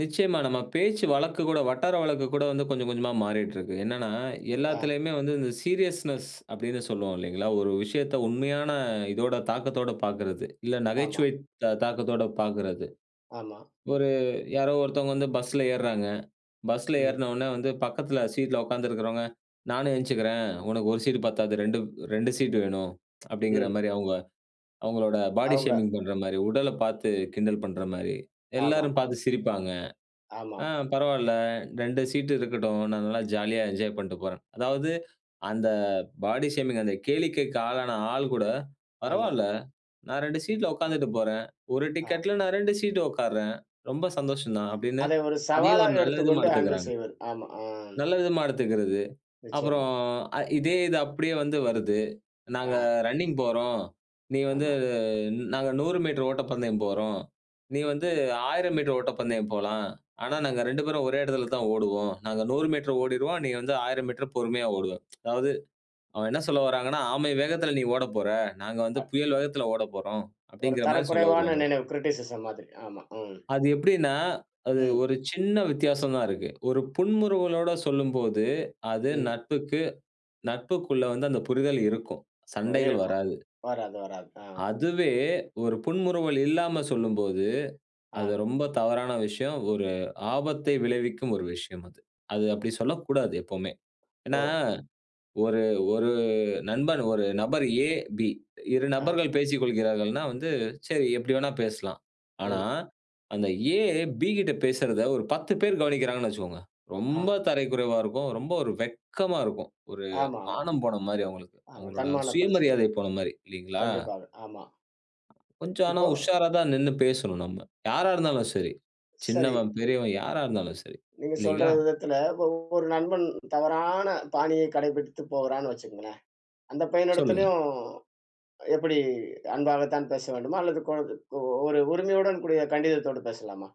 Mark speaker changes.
Speaker 1: நிச்சியமா. நம்ம பேச்சு வழக்கு கூட, வட்டார வழக்கு கூட வந்து கொஞ்சம் கொஞ்சமா மாறிட்டுருக்கு. என்னன்னா,
Speaker 2: ஆ.
Speaker 1: எல்லாத்திலயுமே வந்து இந்த சீரியஸ்னெஸ் அப்டின்னு சொல்லுவோம் இல்லைங்களா? ஒரு விஷயத்த உண்மையான இதோட தாக்கத்தோட பார்க்குறது. இல்ல
Speaker 2: ஆமா.
Speaker 1: நகைச்சுவை தா தாக்கத்தோட பார்க்குறது.
Speaker 2: ஆமா.
Speaker 1: ஒரு யாரோ ஒருத்தவங்க வந்து பஸ்ஸில ஏற்றாங்க. பஸ்ஸில
Speaker 2: ம்.
Speaker 1: ஏறன உடனே வந்து பக்கத்தில சீட்ல உட்கார்ந்து இருக்கிறவங்க. நானும் என்ச்சிக்குறேன் உனக்கு 1 சீட் பத்தாது. 2 2 சீட் வேணும். அப்டிங்கிற
Speaker 2: ம்.
Speaker 1: மாரி அவங்க அவங்களோட பாடி
Speaker 2: அவங்க.
Speaker 1: ஷேமிங் பண்ற மாரி, உடல பார்த்து கிண்டல் பண்ற மாரி
Speaker 2: ஆமா,
Speaker 1: எல்லாரும் பார்த்து
Speaker 2: ஆம்.
Speaker 1: சிரிப்பாங்க. ஆ
Speaker 2: ஆமாம்.
Speaker 1: பரவால்ல 2 சீட் இருக்கட்டும். நான் நல்லா ஜாலியா என்ஜாய் பண்ட்டு போறேன். அதாவது அந்த பாடி ஷேமிங் அந்த கேளிக்கைக்கு ஆளான ஆள் கூட
Speaker 2: ஆமா.
Speaker 1: "பரவால்ல நான் 2 சீட்ல உட்கார்ந்துட்டு போறேன். 1
Speaker 2: ஆ.
Speaker 1: டிக்கெட்டில நான் 2 சீட் உட்காருறேன். ரொம்ப சந்தோஷம் தான்." அப்டின்னு
Speaker 2: அதை ஒரு
Speaker 1: அதையும் ஒரு
Speaker 2: சவாலாக
Speaker 1: நல்ல விதமா
Speaker 2: எடுத்துக்கொண்டு, ஹேண்டில்
Speaker 1: எடுத்துக்கறாங்க.
Speaker 2: செய்வது, ஆமா. அ
Speaker 1: நல்ல விதமா எடுத்துக்கிறது.
Speaker 2: நிச்சயமா.
Speaker 1: அப்புறம் அ இதே இது அப்டியே வந்து வருது. "நாங்க
Speaker 2: ஆ.
Speaker 1: ரன்னிங் போறோம். நீ வந்து
Speaker 2: ஆமா.
Speaker 1: நாங்க 100 மீட்டர் ஓட்டப்பந்தயம் போறோம். நீ வந்து 1,000 மீட்டர் ஓட்டப்பந்தயம் போலாம். ஆனா, நாங்க 2 பேரும் ஒரே இடத்துல தான் ஓடுவோம். நாங்க 100 மீட்டர் ஓடிடுவோம் நீ வந்து 1,000 மீட்டர் பொறுமையா ஓடுவ. அதாவது அவங்க என்ன சொல்ல வராங்கன்னா, "ஆமை வேகத்தில நீ ஓட போற. நாங்க வந்து
Speaker 2: அ.
Speaker 1: புயல் வேகத்தில ஓட போறோம்."
Speaker 2: ஒரு
Speaker 1: அப்டிங்கிற மாரி சொல்ல
Speaker 2: தரக்குறைவான
Speaker 1: வருவாங்க.
Speaker 2: நினைவு கிரிட்டிசிசம் மாதிரி. ஆமா. ம்.
Speaker 1: அது எப்டின்னா, அது
Speaker 2: ம்.
Speaker 1: ஒரு சின்ன வித்தியாசம் தான் இருக்கு. ஒரு புன்முறுவலோட சொல்லும்போது, அது
Speaker 2: ம்.
Speaker 1: நட்புக்கு நட்புக்குள்ள வந்து அந்த புரிதல் இருக்கும். சண்டைகள்
Speaker 2: இருக்கும்.
Speaker 1: வராது.
Speaker 2: வராது, வராது. ஆ.
Speaker 1: அதுவே ஒரு புன்முறுவல் இல்லாம சொல்லும்போது, அது
Speaker 2: ஆ.
Speaker 1: ரொம்ப தவறான விஷயம். ஒரு ஆபத்தை விளைவிக்கும் ஒரு விஷயம் அது. அது அப்டி சொல்லக்கூடாது எப்பவுமே. ஏனா,
Speaker 2: ஓ!
Speaker 1: ஒரு 1 நண்பன் 1 நபர் எ, பி 2
Speaker 2: ஆ.
Speaker 1: நபர்கள் பேசிக்கொள்கிறார்கள்னா, வந்து சரி எப்டி வேணா பேசலாம். ஆனா
Speaker 2: ம்.
Speaker 1: அந்த ஏ, பி கிட்ட பேசுறத ஒரு 10 பேர் கவனிக்கிறாங்கன்னு வச்சுக்கோங்க. ரொம்ப
Speaker 2: ஆ.
Speaker 1: தரை குறைவா இருக்கும். ரொம்ப ஒரு வெட்கமா இருக்கும். ஒரு
Speaker 2: ஆமாமா.
Speaker 1: மானம் போன மாரி அவங்களுக்கு.
Speaker 2: ஆமா.
Speaker 1: அவங்களோட
Speaker 2: தன்மான பிரச்சனை.
Speaker 1: சுயமரியாதை போன மாரி இல்லைங்களா?
Speaker 2: கண்டிப்பாக, ஆமா.
Speaker 1: கொஞ்சம் ஆனா,
Speaker 2: இப்போ
Speaker 1: உஷாரா தான் நின்னு பேசணும் நம்ம. யாரா இருந்தாலும் சரி,
Speaker 2: சரி.
Speaker 1: சின்னவன் பெரியவன் யாரா இருந்தாலும் சரி,
Speaker 2: நீங்க சொல்ற
Speaker 1: இல்லைங்களா?
Speaker 2: விதத்தில ஒ ஒரு நண்பன் தவறான பாணியை கடைபிடித்து போகுறான்னு, வச்சுக்கங்களேன். அந்த
Speaker 1: சொல்லுங்க.
Speaker 2: பையனிடத்திலும் எப்டி அன்பாக தான் பேச வேண்டுமா? அல்லது கொ ஒரு உரிமையுடன் கூடிய கண்டிதத்தோடு பேசலாமா?